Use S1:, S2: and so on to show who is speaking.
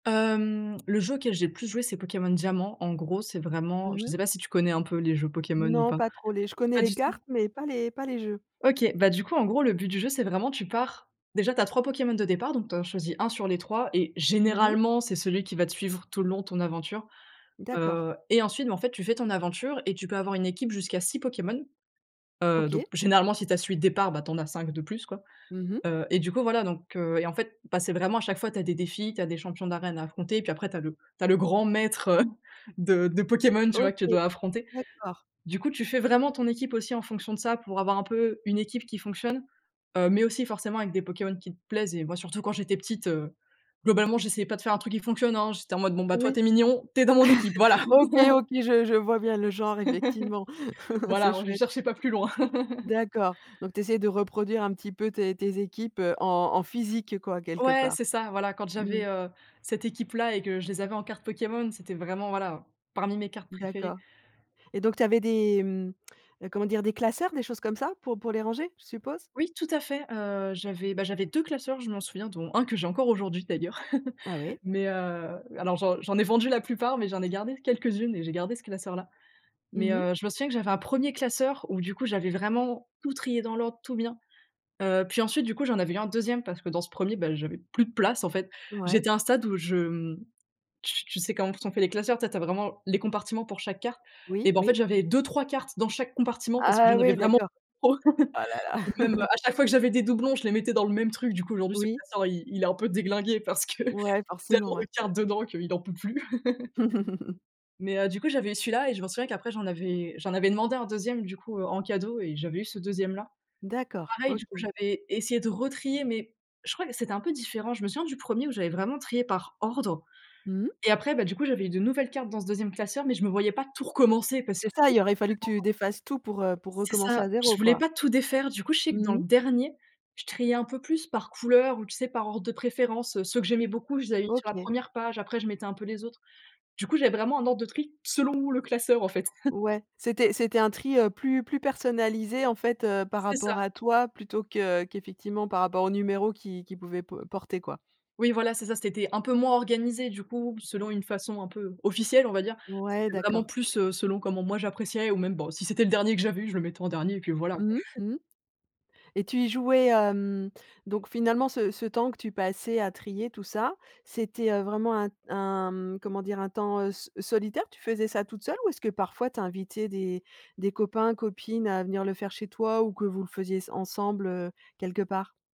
S1: Hem, le jeu auquel j'ai le plus joué, c'est Pokémon Diamant. En gros, c'est vraiment,
S2: Mmh
S1: je
S2: mh.
S1: sais pas si tu connais un peu les jeux Pokémon ou
S2: Non,
S1: pas?
S2: pas trop les je connais
S1: Pas
S2: les
S1: du tout.
S2: cartes, mais pas les pas les jeux.
S1: OK. Bah, du coup, en gros, le but du jeu, c'est vraiment tu pars, déjà tu as 3 Pokémon de départ, donc tu en choisis 1 sur les 3 et
S2: Mmh mh.
S1: généralement, c'est celui qui va te suivre tout le long de ton aventure.
S2: D'accord.
S1: Heu et ensuite, en fait, bah, tu fais ton aventure et tu peux avoir une équipe jusqu'à 6 Pokémons. Heu, donc,
S2: OK.
S1: généralement, si tu as celui de départ, ben, tu en as 5 de plus, quoi.
S2: Mmh mh.
S1: Heu et du coup, voilà donc heu et en fait, bah, c'est vraiment à chaque fois, tu as des défis, tu as des champions d'arène à affronter, puis après tu as le tu as le grand maître, heu, de de Pokémon, tu vois,
S2: OK,
S1: que tu dois affronter.
S2: d'accord.
S1: Du coup, tu fais vraiment ton équipe aussi en fonction de ça pour avoir un peu une équipe qui fonctionne, heu, mais aussi forcément avec des Pokémon qui te plaisent et moi, surtout quand j'étais petite, heu, globalement, j'essayais pas de faire un truc qui fonctionne, hein. J'étais en mode: «Bon bah, toi,
S2: Oui.
S1: tu es mignon, tu es dans mon équipe», voilà.
S2: OK, OK, je je vois bien le genre effectivement, c'est
S1: Voilà, ouais, je
S2: chouette.
S1: cherchais pas plus loin.
S2: D'accord, donc tu essaies de reproduire un petit peu tes tes équipes, heu, en en physique, quoi, quelque
S1: Ouais,
S2: part?
S1: c'est ça, voilà, quand
S2: Mmh.
S1: j'avais, heu, cette équipe là et que je les avais en carte Pokémon, c'était vraiment voilà, parmi mes cartes préférées.
S2: D'accord et donc tu avais des, hem, heu, comment dire, des classeurs, des choses comme ça pour pour les ranger, je suppose?
S1: Oui, tout à fait. Heu, j'avais, bah, j'avais 2 classeurs, je m'en souviens, dont 1 que j'ai encore aujourd'hui d'ailleurs
S2: Ah ouais.
S1: mais heu, alors j'en j'en ai vendu la plupart, mais j'en ai gardé quelques-unes et j'ai gardé ce classeur-là mais
S2: Mmh mh.
S1: heu, je me souviens que j'avais un 1er classeur où, du coup, j'avais vraiment tout trié dans l'ordre, tout bien. Heu, puis ensuite du coup, j'en avais eu un 2e parce que dans ce 1er, ben, j'avais plus de place, en fait.
S2: Ouais.
S1: J'étais à un stade où je, hem, tu tu sais comment sont fait les classeurs? Tu sais, tu as vraiment les compartiments pour chaque carte
S2: Oui,
S1: et bah, en fait,
S2: oui.
S1: j'avais 2-3 cartes dans chaque compartiment parce que
S2: Ah
S1: j'en avais
S2: oui,
S1: vraiment
S2: d'accord.
S1: trop.
S2: Oh là là!
S1: Et même, heu, à chaque fois que j'avais des doublons, je les mettais dans le même truc. Du coup, aujourd'hui, ce
S2: Oui.
S1: classeur, il il est un peu déglingué parce que
S2: Ouais, forcément
S1: tellement
S2: ouais.
S1: de cartes dedans qu'il en peut plus mais heu, du coup, j'avais eu celui-là et je m'en souviens qu'après j'en avais eu j'en avais demandé un 2e, du coup, heu, en cadeau et j'avais eu ce 2e là.
S2: D'accord,
S1: Pareil, du coup,
S2: OK.
S1: j'avais essayé de retrier, mais je crois que c'était un peu différent. Je me souviens du 1er où j'avais vraiment trié par ordre,
S2: Mmh.
S1: et après, bah du coup, j'avais eu de nouvelles cartes dans ce 2e classeur, mais je me voyais pas tout recommencer parce que
S2: C'est ça,
S1: c'était
S2: il y aurait fallu que
S1: tellement
S2: tu défasses tout pour, heu, pour
S1: C'est
S2: recommencer
S1: ça.
S2: à
S1: Je
S2: 0,
S1: voulais
S2: quoi?
S1: pas tout défaire. Du coup, je sais que
S2: Mmh
S1: dans le
S2: mh.
S1: dernier, je triais un peu plus par couleur ou, tu sais, par ordre de préférence, heu. Ceux que j'aimais beaucoup, je les avais mis sur la
S2: OK.
S1: 1re page. Après, je mettais un peu les autres. Du coup, j'avais vraiment un ordre de tri selon le classeur en fait.
S2: Ouais, c'était c'était un tri, heu, plus plus personnalisé en fait, heu, par
S1: C'est ça.
S2: rapport à toi, plutôt que qu'effectivement par rapport au numéro qui qu'il pouvait po porter, quoi.
S1: Oui, voilà, c'est ça, c'était un peu moins organisé, du coup, selon une façon un peu officielle, on va dire.
S2: Ouais,
S1: C'était vraiment
S2: d'accord.
S1: plus, heu, selon comment moi j'appréciais ou même bon, si c'était le dernier que j'avais eu, je le mettais en dernier et puis voilà, quoi.
S2: Mmh mh, mmh mh et tu y jouais, hem, donc finalement ce ce temps que tu passais à trier tout ça, c'était, heu, vraiment un un comment dire, un temps, heu, so solitaire, tu faisais ça toute seule ou est-ce que parfois tu invitais des des copains, copines à venir le faire chez toi ou que vous le faisiez sen ensemble, heu, quelque part?